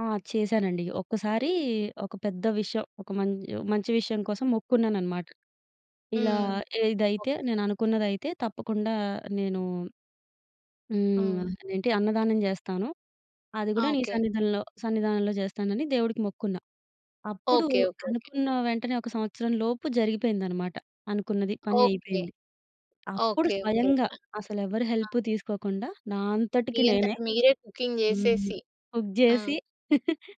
ఆ! చేశానండి. ఒక్కసారీ ఒక పెద్ద విషయం, ఒక మంచి మంచి విషయం కోసం మొక్కుకున్నాననమాట. ఇలా హ్మ్. ఓహ్! ఏదైతే, నేననుకున్నదైతే తప్పకుండా నేనూ హ్మ్. హ్మ్. అదేంటి, అన్నదానం జేస్తాను. అది ఆ! గూడా నీ ఓకే. సన్నిధంలో సన్నిధానంలో జేస్తానని దేవుడికి మొక్కుకున్నా. అప్పుడూ ఓకే. ఓకే. ఓకే. అనుకున్న వెంటనే ఒక సంవత్సరం లోపు జరిగిపోయిందనమాట. అనుకున్నది పని ఓకే. అయిపోయింది. అప్పుడు ఓకే. ఓకే. స్వయంగా అసలెవరి ఆ! హెల్ప్ తీసుకోకుండా, నా మీ అంతటికి అంతట నేనే మీరే కుకింగ్ హ్మ్. జెసేసి. కుక్ ఆ! జేసి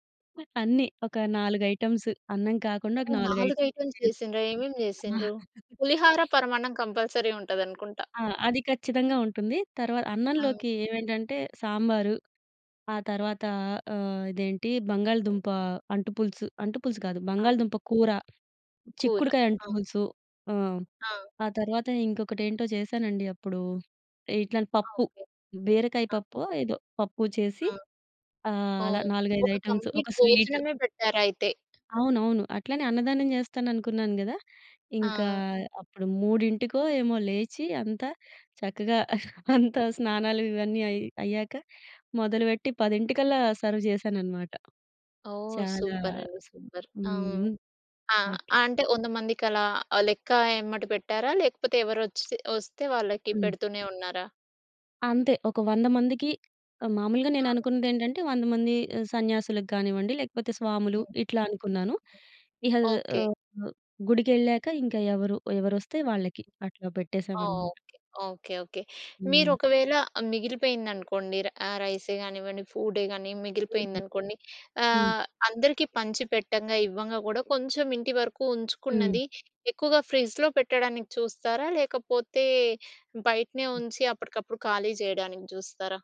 అన్నీ. ఒక నాలుగైటెమ్స్, అన్నం కాకుండా ఒక ఓహ్! 4 4 ఐటెమ్లు ఐటెమ్స్ చేసి చేసిండ్ర? ఏమేమి ఆ! చేసిండ్రు? పులిహోర, పరమాన్నం కంపల్సరీ ఉంటదనుకుంటా. ఆ! అది ఖచ్చితంగా ఉంటుంది. తర్వ హ్మ్. అన్నంలోకి ఏవేంటంటే, సాంబారు, ఆ తర్వాతా ఆహ్, ఇదేంటీ, బంగాళదుంపా అంటు పులుసు. అంటు పులుసు కాదు, ఆ! బంగాళదుంప కూర. కూర. చిక్కుడుకాయ అంటు ఆ! పులుసు. ఆ! ఆ! ఆ తర్వాత ఇంకొకటేంటో చేశానండి అప్పుడూ. ఇట్లాని ఆ! పప్పు. ఓకే. బీరకాయ ఆ! పప్పో ఏదో, పప్పూ చేసీ హ్మ్. ఆహ్, అలా ఓహ్! 4, 5 ఒక ఐటెమ్స్, ఒక కంప్లీట్ స్వీట్. భోజనమే పెట్టారైతే. అవునవును. అట్లనే అన్నదానం జేస్తాననుకున్నాను గదా! ఇంకా ఆ! అప్పుడు మూడింటికో ఏమో లేచి, అంతా చక్కగా అంతా స్నానాలు ఇవన్నీ అయి అయ్యాక మొదలుబెట్టి, 10:00 కల్లా సర్వ్ జేశాననమాట. ఓహ్! చాలా సూపరండి. హ్మ్. సూపర్. ఆ! హ్మ్. ఆ! అట్ల. అంటే, 100 మందికలా ఆహ్, లెక్క ఎమ్మట పెట్టారా? లేకపోతే, ఎవరొచ్చి ఒస్తే వాళ్ళకి హ్మ్. పెడుతూనే ఉన్నారా? అంతే ఒక 100 మందికి ఆహ్, మాములుగా ఆ! నేననుకున్నదేంటంటే, 100 మంది ఆహ్, సన్యాసులకు గానివ్వండి, లేకపోతే స్వాములు హ్మ్. ఇట్లా అనుకున్నాను. హ్మ్. ఇహ! ఓకే. ఆహ్, గుడికెళ్ళాక ఇంక ఎవరు ఎవరొస్తే వాళ్ళకి అట్లా పెట్టేశామనమాట. ఓకే. ఓకే. ఓకే. హ్మ్. మీరొకవేళ మిగిలిపోయిందనుకోండి, ర్ ఆహ్, రైస్ గానివ్వండి, ఫూడ్డే గానీ హ్మ్. మిగిలిపోయిందనుకోండి హ్మ్. ఆహ్, అందరికీ పంచి పెట్టంగా ఇవ్వంగా గోడా కొంచెం ఇంటి వరకు హ్మ్. ఉంచుకున్నది, ఎక్కువగా ఫ్రిజ్‌లో పెట్టడానికి చూస్తారా? లేకపోతే, బయటనే హ్మ్. ఉంచి అప్పటికప్పుడు ఖాళీ చెయడానికి చూస్తారా?